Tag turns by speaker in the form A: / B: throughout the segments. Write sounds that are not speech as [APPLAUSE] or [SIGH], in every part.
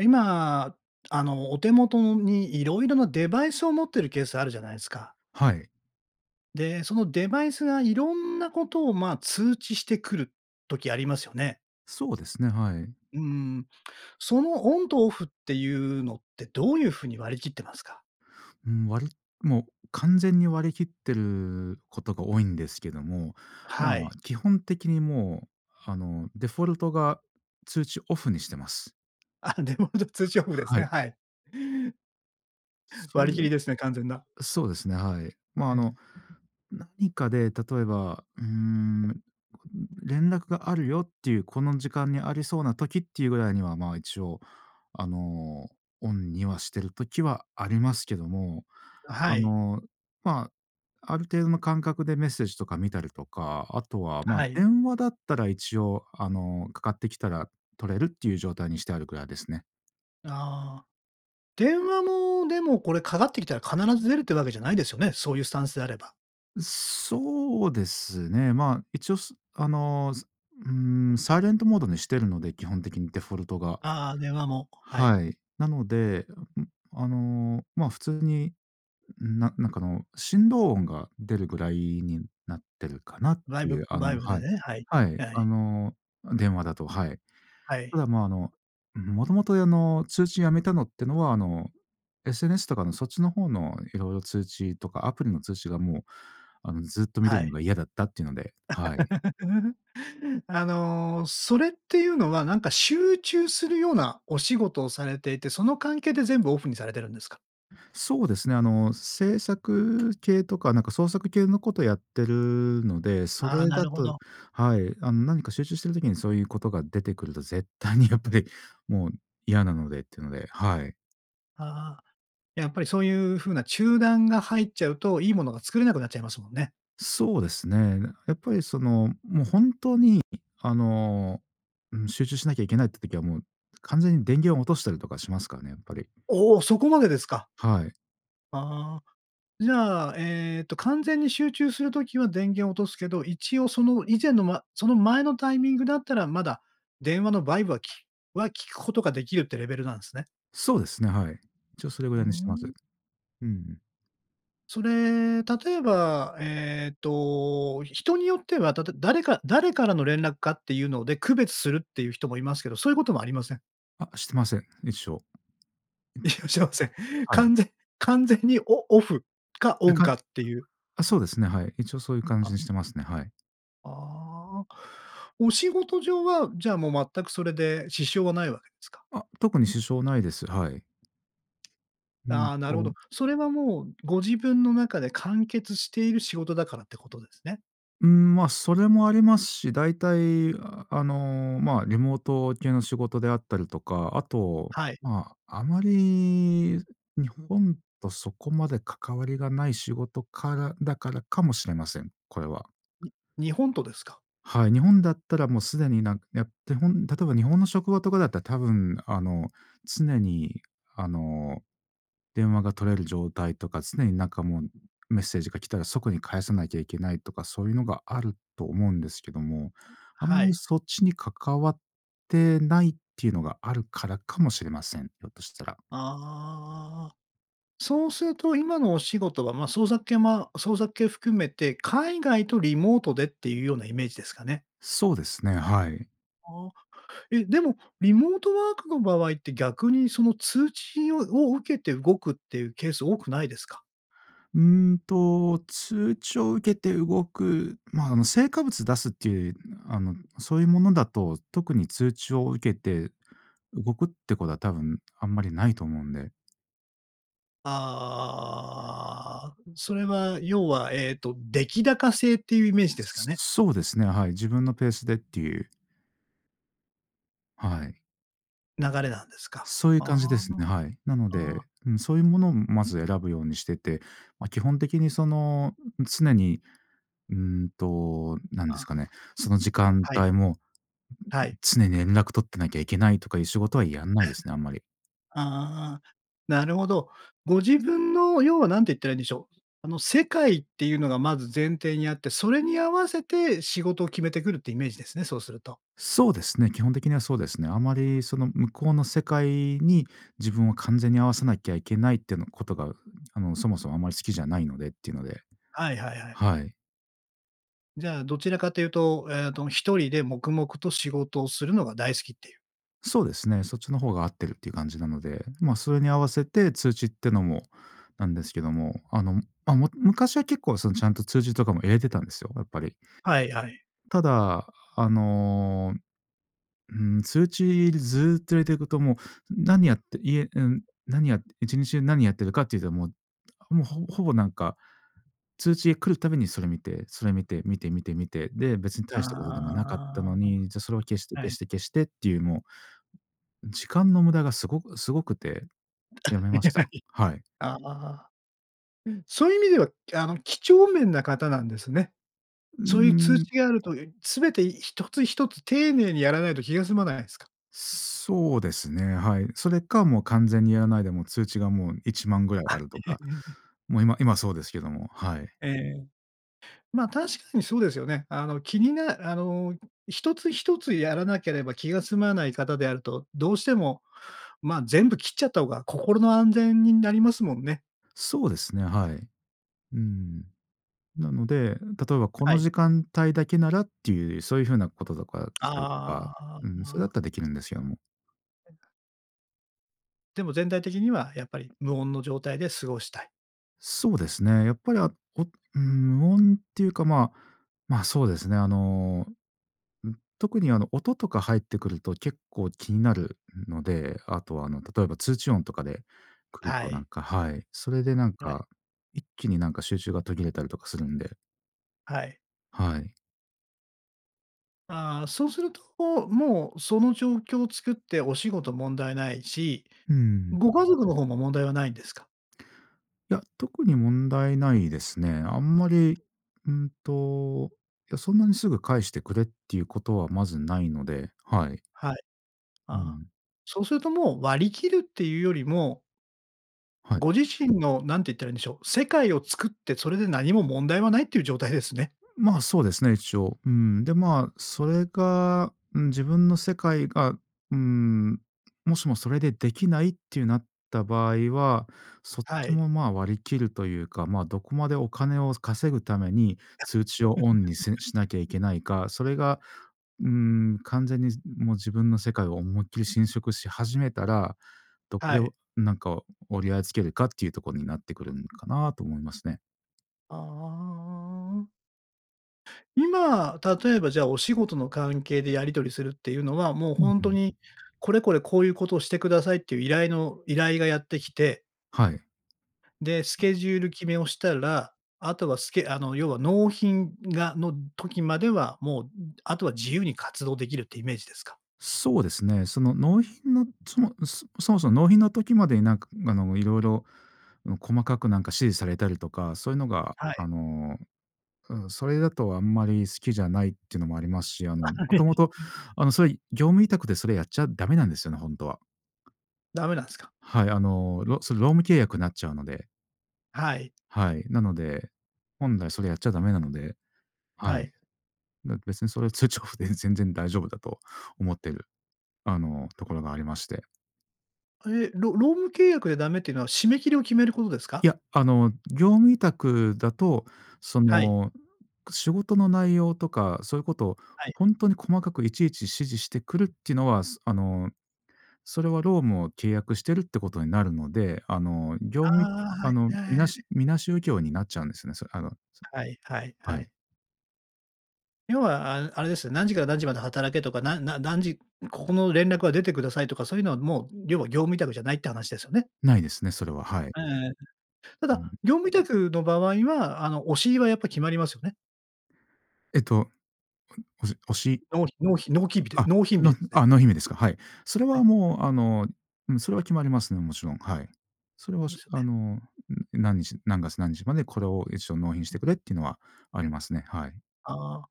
A: 今、あの、お手元のに色々なデバイスを持っているケースあるじゃないすか。
B: はい。
A: で、そのデバイスがいろんなことをま、通知してくる時ありますよね。
B: そうですね、はい。
A: うーん、そのオンとオフっていうのって、どういう風に割り切ってますか？
B: ん、割りもう完全に割り切ってることが多いんですけども、
A: は
B: ま
A: い。
B: あ基本的にもうあのデフォルトが通知オフにしてます。
A: あ、デフォルト通知オフです
B: は
A: ね、
B: い。
A: はい。
B: それ、
A: 割り切りですね、完全な。
B: そうですね、はい。まあ
A: う
B: の
A: ん。
B: 何かで例えば、うーん、連絡があるよっていうこの時間にありそうな時っていうぐらいにはま、一応あの、オンにはしてる時はありますけども、
A: は
B: あ
A: い。
B: の、ま、ある程度の感覚でメッセージとか見たりとか、あとはま、
A: はい。
B: 電話だったら一応あの、かかってきたら取れるっていう状態にしてあるくらいですね。
A: あ、電話も、でもこれかかってきたら必ず出るっていうわけじゃないですよね？そういうスタンスであれば。
B: うそうですね。まあ、一応、すあの、ずうーん、サイレントモードにしてるので、基本的にデフォルトが。
A: あ、電話も、はい。
B: はい。なので、いやうん、あの、まあ、普通に、うん、ななんかあの、振動音が出るぐらいになってるかなっ
A: バイ
B: てい
A: ブ
B: う、あ
A: バイ
B: の
A: ブで
B: はい、
A: ね、はい、
B: はい。
A: は
B: あ
A: い。
B: の、うん、電話だと、はい。
A: は
B: た
A: い。
B: だ、ま、あの、んふ、もともと、やの、通知やめたのってのは、あの、SNS とかのそっちの方のいろいろ通知とかアプリの通知が、もうあの、ずっと見て
A: は
B: るの
A: い。
B: が嫌だったっていうので、はい。
A: [CHUCKLES] あの、それっていうのは、なんか集中するようなお仕事をされていて、その関係で全部オフにされてるんですか？
B: そうですね、あの、制作系とかなんか創作系のことやってるので、そ
A: あ、
B: れ
A: な
B: だ
A: るほ
B: と
A: ど。
B: はい、あん何か集中してる時にそういうことが出てくると絶対にやっぱりもう嫌なのでっていうので、はい。
A: ああ。やっぱりそういう風な中断が入っちゃうと、いいものが作れなくなっちゃいますもんね。
B: そうですね。やっぱりその、も、本当に、あの、ん集中しなきゃいけないって時はもう完全に電源を落としたりとかしますからね、やっぱり。
A: お、そこまでですか。
B: はい。
A: ああ。じゃあ、えっと完全に集中する時は電源を落とすけど、一応その以前の、ま、その前のタイミングだったらまだ電話のバイブは、きは聞くことができるってレベルなんすね？
B: そうですね、はい。一応それぐ
A: うー
B: らいにしてます。
A: ん。
B: うんうん。
A: それ、例えば、えっと、人によっては、たと誰か誰からの連絡かっていうので区別するっていう人もいますけど、そういうこともありません？
B: あ、してません。一緒
A: いらっしゃいません。
B: はい。
A: 完全完全にオオフかオ
B: で
A: ン
B: か
A: かっていう。
B: あ、そうですね、はい。一応そういう感じ
A: あ。
B: にしてますね、はい。
A: ああ。お仕事上は、じゃあもう全くそれで支障はないわけですか？
B: あ、特に支障ないです、はい。うん
A: ああ、なるほど。
B: と。
A: それはもうご自分の中で完結している仕事だからってことですね？
B: ん、ま、それもありますし、だいたいあの、まあ、リモート系の仕事であったりとか、あと、
A: はい。
B: まあ、あまり日本とそこまで関わりがない仕事からだからかもしれません。これは。
A: に日本とですか？
B: はい。日本だったらもうすでになん、やって、ほん例えば日本の職場とかだったら多分あの常にあの電話が取れる状態とか、常になんかもうメッセージが来たら即に返さなきゃいけないとか、そういうのがあると思うんですけども、あん
A: は
B: まり
A: い。
B: そっちに関わってないっていうのがあるからかもしれません。ひょっとしたら。
A: ああ。そうすると今のお仕事はまあ創作系ま創作系含めて、海外とリモートでっていうようなイメージですかね。
B: そうですね、はい。
A: ああ、え、でも、リモートワークの場合って逆にその通知をを受けて動くっていうケース多くないですか？
B: んと、通知を受けて動くま、あの成果物出すっていう、あのそういうものだと、特に通知を受けて動くってことは多分あんまりないと思うんで。
A: ああ、それは要はええと、出来高制っていうイメージですかね。
B: そうですね、はい。自分のペースでっていう。はい。
A: 流れなんですか。
B: そういう
A: あ
B: 感じですね、はい。なの
A: あ、ああ。
B: で、うん、そういうものをまず選ぶようにしてて、ま基本的にその、常にうーんと、なんです
A: あ。
B: かね、その時間
A: はい。
B: 帯も
A: はい。
B: 常に連絡取ってなきゃいけないとかいう仕事はやんないですね、あんまり。
A: ああ、なるほど。ご自分の、要は何て言ったらいいんでしょう。あの、世界っていうのがまず前提にあって、それに合わせて仕事を決めてくるっていうイメージですね、そうすると。
B: そうですね、基本的にはそうですね。あまりその向こうの世界に自分を完全に合わせなきゃいけないってのことが、あのそもそもあんまり好きじゃないのでっていうので。
A: はいはいはい。
B: はい。
A: じゃあどちらかというと、ええと1人で黙々と仕事をするのが大好きっていう。
B: そうですね。そっちの方が合ってるっていう感じなので、まそれに合わせて通知ってのもなんですけども、あの、まも昔は結構そのちゃんと通知とかも入れてたんですよ、やっぱり。
A: はいはい。
B: ただ、あの、うーん、通知ずっと入れていくと、もう、何やって、いえうん、何やって1日中何やってるかっていうと、もうもうほぼほぼなんか、通知が来るたびにそれ見て、それ見て、見て見て見て、で、別に
A: あ
B: 大したことでもなかったのに、じゃあそれを消して
A: あ。は
B: 消し
A: い。
B: て消してっていうもう、時間の無駄が凄く凄くて、辞
A: あ、
B: め
A: い
B: まし
A: や、
B: た。
A: はい。
B: はい。
A: ああ、そういう意味ではあの几帳面な方なんですね。
B: うー
A: そういう通
B: ん。
A: 知があるとすべて1つ- 1つ丁寧にやらないと気が済まないんすか？
B: そうですね、はい。それかもう完全にやらないでもう通知がもう1万ぐらい
A: あ。
B: あるとか、
A: [CHUCKLES]
B: もう今今そうですけども、はい。
A: ええ、ま確かにそうですよね。あの気になあの、1つ- 1つやらなければ気が済まない方であると、どうしてもま全部切っちゃった方が心の安全になりますもんね。
B: そうですね、はい。うん。なので、例えばこ
A: は
B: の
A: い。
B: 時間帯だけならっていう、そういう風なこととかしたりとか、
A: あ
B: うん、それだっ
A: あ。
B: たらできるんですよ、もう。
A: でも全体的にはやっぱり無音の状態で過ごしたい？
B: そうですね。やっぱりあおうん、無音っていうか、まま、そうですね。あの、ん、特にあの音とか入ってくると結構気になるので、あとはあの例えば通知音とかで来る
A: は
B: となん
A: い。
B: かはい。それでなん
A: はい。
B: か、一気になんか集中が途切れたりとかするんで。
A: はい。
B: はい。
A: ああ、そうするともうその状況を作ってお仕事問題ないし、
B: うん。
A: ご家族のほうも問題はないんですか？
B: いや、特に問題ないですね。あんまり、うんと、いや、そんなにすぐ返してくれっていうことはまずないので、はい。
A: はい。
B: う
A: あ、
B: ん。
A: そうするともう割り切るっていうよりも
B: はい。
A: ご自身の、何て言ったらいいんでしょう、世界を作ってそれで何も問題はないっていう状態ですね。
B: まあ、そうですね、一応。うん。で、まあそれが、うん自分の世界が、うーん、もしもそれでできないってなった場合は、そっ
A: は
B: ち
A: い。
B: もまあ割り切るというか、ま、どこまでお金を稼ぐために
A: あ。
B: 通知をオンにす
A: [CHUCKLES]
B: しなきゃいけないか、それが、うーん、完全にすん、もう自分の世界を思いっきり侵食し始めたら、どこ
A: は
B: で
A: い。
B: なんか折り合いつけるかっていうとこになってくるんかなと思いますね。
A: ああ。今、例えばじゃあお仕事の関係でやり取りするっていうのは、もう
B: うん
A: 本
B: う
A: 当
B: ん。
A: にこれこれこういうことをしてくださいっていう依頼の依頼がやってきて
B: はい。
A: で、スケジュール決めをしたら、あとはスケあの要は納品がの時まではもうあとは自由に活動できるっていうイメージですか？
B: そうですね。その納品のそもそもそも納品の時までになんかあの色々細かくなんか指示されたりとか、そういうのが
A: はい。
B: あの、うん、それだとあんまり好きじゃないってのもありますし、あのもともと
A: [CHUCKLES]
B: あのそれ業務委託でそれやっちゃダメなんですよね、本当は。
A: ダメなんすか？
B: はい、あの、ろそ労務契約になっちゃうので。
A: はい。
B: はい、なので、本来それやっちゃダメなので、
A: は
B: はい。
A: い。
B: べ別にそれを通知オフで全然大丈夫だと思っている、あの、ところがありまして。
A: え、ろ労務契約でダメっていうのは締め切りを決めることです
B: い
A: か？
B: や、あの業務委託だとそ
A: はい。
B: の仕事の内容とかそういうことを
A: はい。
B: 本当に細かくいちいち指示してくるっていうのは、あのそれは労務を契約してるってことになるので、あの業
A: あ
B: 務、
A: あ、は
B: あ
A: い
B: の、みな
A: [UNINTELLIGIBLE]
B: しみなしう業になっちゃうんですね。それあの
A: はいはい
B: は
A: は
B: い。
A: い。要はあぬあれですよ。何時から何時まで働けとか、なな何時、ん、ここの連絡は出てくださいとか、そういうのはもう、ん、要は業務委託じゃないって話ですよね。
B: ないですね、それは、はい。
A: ええ、ん、た
B: う
A: だ、
B: ん。
A: 業務委託の場合はあのおしりはやっぱ決まりますよね。
B: えっと、うん、おじおし
A: のうひのうひ納期日で
B: あ、
A: 納品日
B: の
A: で
B: ん
A: すね。
B: あ、納品日ですか。はい。それ
A: は
B: は
A: い。
B: もうあの、うん、それは決まりますね、もちろん。はい。それは、
A: で
B: す
A: すよ
B: あの、
A: ね。
B: んん、何日何月何日までこれを一応納品してくれっていうのはありますね、はい。
A: あ、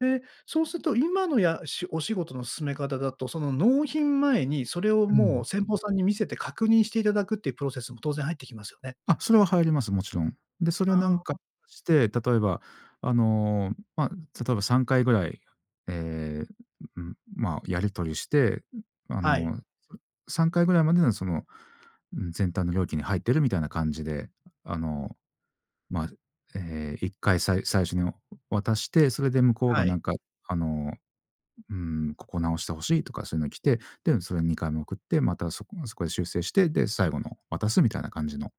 A: で、そうすると今のやしお仕事の進め方だと、その納品前にそれを
B: う
A: も
B: ん。
A: う先方さんに見せて確認していただくっていうプロセスも当然入ってきますよね。
B: あ、それは入ります、もちろん。で、それはな
A: ああ、
B: んか
A: あ。
B: して、例えばあの、ま、例えば3回ぐらい、え、んん、まあやり取りして、ん、あ
A: はい。
B: の、それ、3回ぐらいまでのその、ん、全体の料金に入ってるみたいな感じで、あの、まあ、ずえ、1回さい最初にお渡して、それで向こう
A: は
B: がな
A: い。
B: んかあの、ん、「うーん、ここ直して欲しい」とかそういうの来て、で、うん、それ2回目送って、またそこはそこへ修正して、で、最後の渡すみたいな感じの、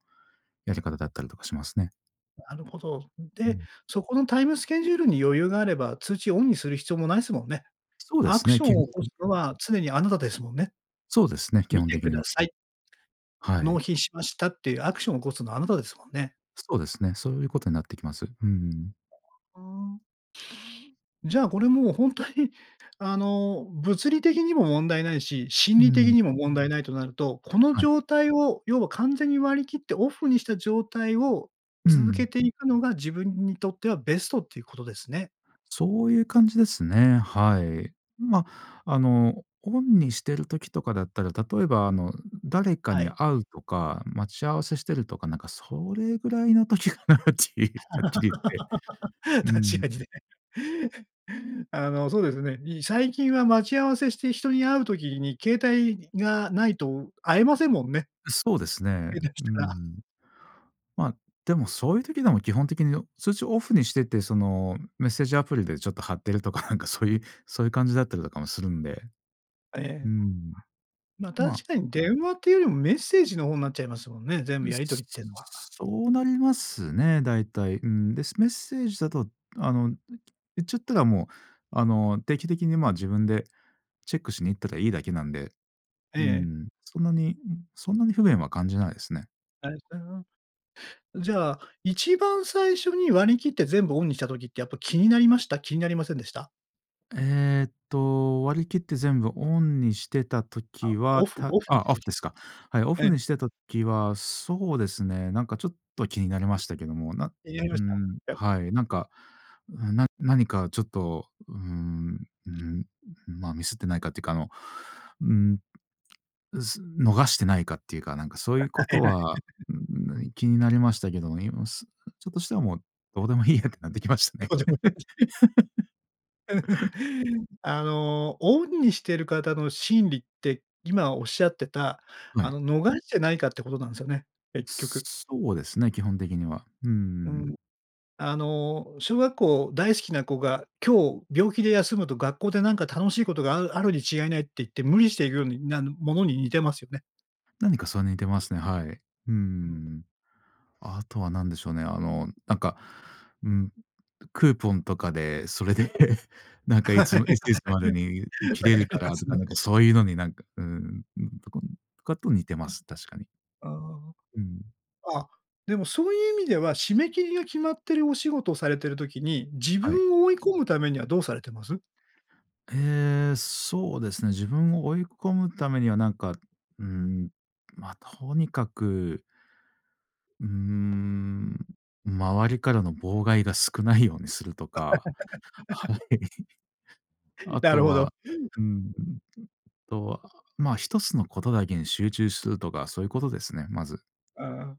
B: やり方だったりとかしますね。
A: なるほど。
B: う
A: で、
B: ん。
A: そこのタイムスケジュールに余裕があれば、通知をオンにする必要もないすもんね。
B: そうで
A: ア
B: す
A: ク
B: ね、
A: ション
B: けん。
A: を起こ
B: [UNINTELLIGIBLE]
A: すのは常にあなたですもんね。
B: そうですね、基
A: 見
B: 本
A: て
B: 的
A: く
B: に
A: だ
B: は。
A: さい。
B: は
A: 納
B: い。
A: 品しましたっていうアクションを起こすのはあなたですもんね。
B: そうですね。そういう事になってきます。うーん。
A: ああ。じゃあこれも本当にあの物理的にも問題ないし、心
B: う
A: 理的
B: ん。
A: にも問題ないとなると、この
B: はい。
A: 状態を要は完全に割り切ってオフにした状態を
B: う
A: 続け
B: ん。
A: ていくのが自分にとってはベストっていうことですね。
B: そういう感じですね。はい。ま、あのオンにしてる時とかだったら、例えばあの誰か
A: は
B: に
A: い。
B: 会うとか、待ち合わせしてるとか、なんかそれぐらいの時かなっていうはっきり言って。
A: [LAUGHS]
B: う
A: 確
B: ん。
A: かにね。あの、そうですね。に最近は待ち合わせして人に会う時に携帯がないと会えませんもんね。
B: う、そうですね。
A: へたし
B: う
A: たら。
B: ん。ま、でもそういう時でも基本的に通知をオフにしてて、そのメッセージアプリでちょっと貼ってるとかなんか、そういうそういう感じだったりとかもするんで。
A: え
B: う
A: え。
B: ん。
A: ま、
B: まあ。
A: 確かに電話っていうよりもメッセージの方んなっちゃいますもんね、全
B: う
A: 部
B: ん、
A: やり取りってんのは。
B: そうなりますね、大体。うん。で、メッセージだとあの言っちゃったらもうあの、定期的にまあ自分でチェックしに行ったらいいだけなんで、
A: え
B: う
A: え。
B: ん、そんなに、そんなに不便は感じないですね。
A: ありがとございます。じゃあ、一番最初に割り切って、全部オンにした時って、やっぱ気になりました？気になりませんでした？
B: ええと、割り切って全部オンにしてた
A: あ、
B: 時
A: オ
B: は、
A: フ
B: た
A: オフにし
B: あ、オ
A: た
B: フ
A: 時
B: で
A: で
B: す
A: す。
B: か。はい、オ
A: え
B: フ
A: え。
B: にしてた時は、そうですね、なんかちょっと、気になりましたけども。な
A: 気になり
B: う
A: ました？やっ
B: ん。
A: ぱり。
B: はい。なんか、な何かちょっと、うん、うん、ま、ミスってないかっていうか、あの、うん、す逃してないかっていうか、なんかそういうことは、
A: [LAUGHS]
B: うん、気になりましたけどもね、今はすちょっとしたらもう、どうでもいいやってなってきましたね。
A: [UNINTELLIGIBLE]
B: [LAUGHS]
A: [LAUGHS] あの、オンにしている方の心理って、今おっしゃってた、
B: は
A: あ
B: い。
A: の、逃れじゃないかってことなんすよね、結局。
B: そうですね、基本的には。うー
A: う
B: ん。
A: ん、あの小学校大好きな子が、今日病気で休むと、学校でなんか楽しいことがあるあるに違いないって言って、無理して行くようになるものに、似てますよね。
B: 何かそれに似てますね、はい。うー
A: うん。
B: ん。あとは何でしょうね、あのなんか、ん、クーポンとかで、それで [CHUCKLES] なん
A: [LAUGHS]
B: かい
A: はい
B: つ
A: はい。分か
B: いついつまでに切れるか
A: りま
B: らと
A: す
B: か、
A: ね。
B: なんか、そういうのになんか、うん、とかねとかと似てます、確かに。
A: ああ。
B: うん。
A: あ、でもそういう意味では、締め切りが決まってる、お仕事をされている時に、自
B: はい。
A: 分を追い込むためには、どうされてます？
B: へえ、そうですね。自分を追い込むためには、なんか、うん、ま、とにかくうーん、周りからの妨害が、少ないようにするとか、
A: [LAUGHS]
B: はい。[CHUCKLES] あ
A: なる
B: と
A: ほど。
B: は、うん、あとは、まあ、1つのことだけに集中するとか、そういうことですね、まず。
A: ああ、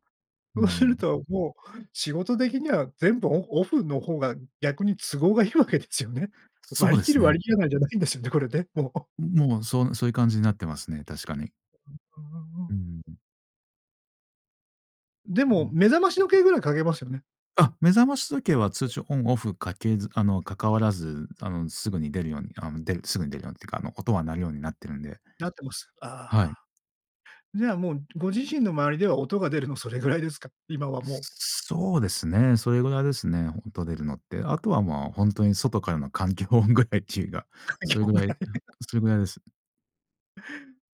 B: う
A: そうする
B: ん。
A: ともう、仕事的には全部オオフの方が、逆に都合がいいわけですよね。
B: そう
A: 割り
B: で
A: 切
B: す
A: る、
B: ね。
A: 割り切らないじゃないんですよね、これね、もう。
B: ん、もう、そうそういう感じになってますね、確かに。
A: ふふーん。
B: うんうん。
A: で
B: う
A: も、
B: ん。
A: 目覚まし時計ぐらいかけますよね？
B: あ、目覚まし時計は
A: う
B: 通
A: ん。
B: 知オンオフかけずあの、関わらず、あの、すぐに出るように、あむ出るすぐに出るようにっていうか、あの、音は鳴るようになってるんで。
A: なってます。あ。
B: はい。
A: じゃあ、もうご自身の周りでは音が出るのそれぐらいですか？今はもう。
B: そうですね、それぐらいですね、音出るのって。あとは、まあ、ほんとに外からの環境音ぐらいっちゅうが、
A: 環境
B: それ
A: 音
B: ぐ
A: ぐ
B: らいぬ
A: らい。
B: ほ
A: [LAUGHS]
B: それぐらいです。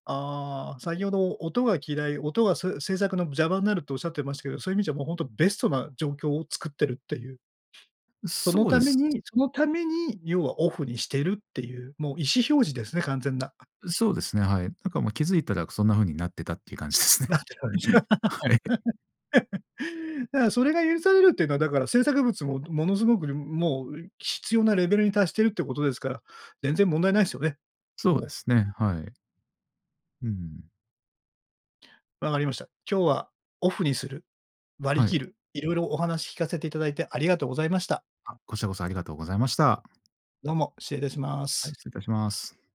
A: あ、先ほど音が嫌い、音がそういう制作の邪魔んなるっておっしゃってましたけど、そういう意味じゃ、もうほんとベストな状況を作ってるっていう。
B: う
A: その
B: そう
A: た
B: で
A: め
B: す。
A: にそのために要はオフにしてるっていう、もう意思表示ですね、完全な。
B: うそうですね、はい。なんかもう気づいたらそんな風になってたっていう感じですね。
A: なって
B: はい。
A: 感じ。
B: [CHUCKLES]
A: [LAUGHS] だ、あ、それが許されるっていうのはだから制作物も、ものすごくにもう、うい必要なレベルに達してるってことですから、全然問題ないっすよね、
B: そう
A: も
B: で
A: う。
B: すね、はい。うんうんうん。
A: 分かりました。今日はオフにする、割り
B: はい。
A: 切る、色々お話聞かせていただいて、ありがとうございました。
B: あ、こちらこそありがとうございました。
A: どうも、失礼いたしま
B: はい、
A: す。
B: 失礼いたします。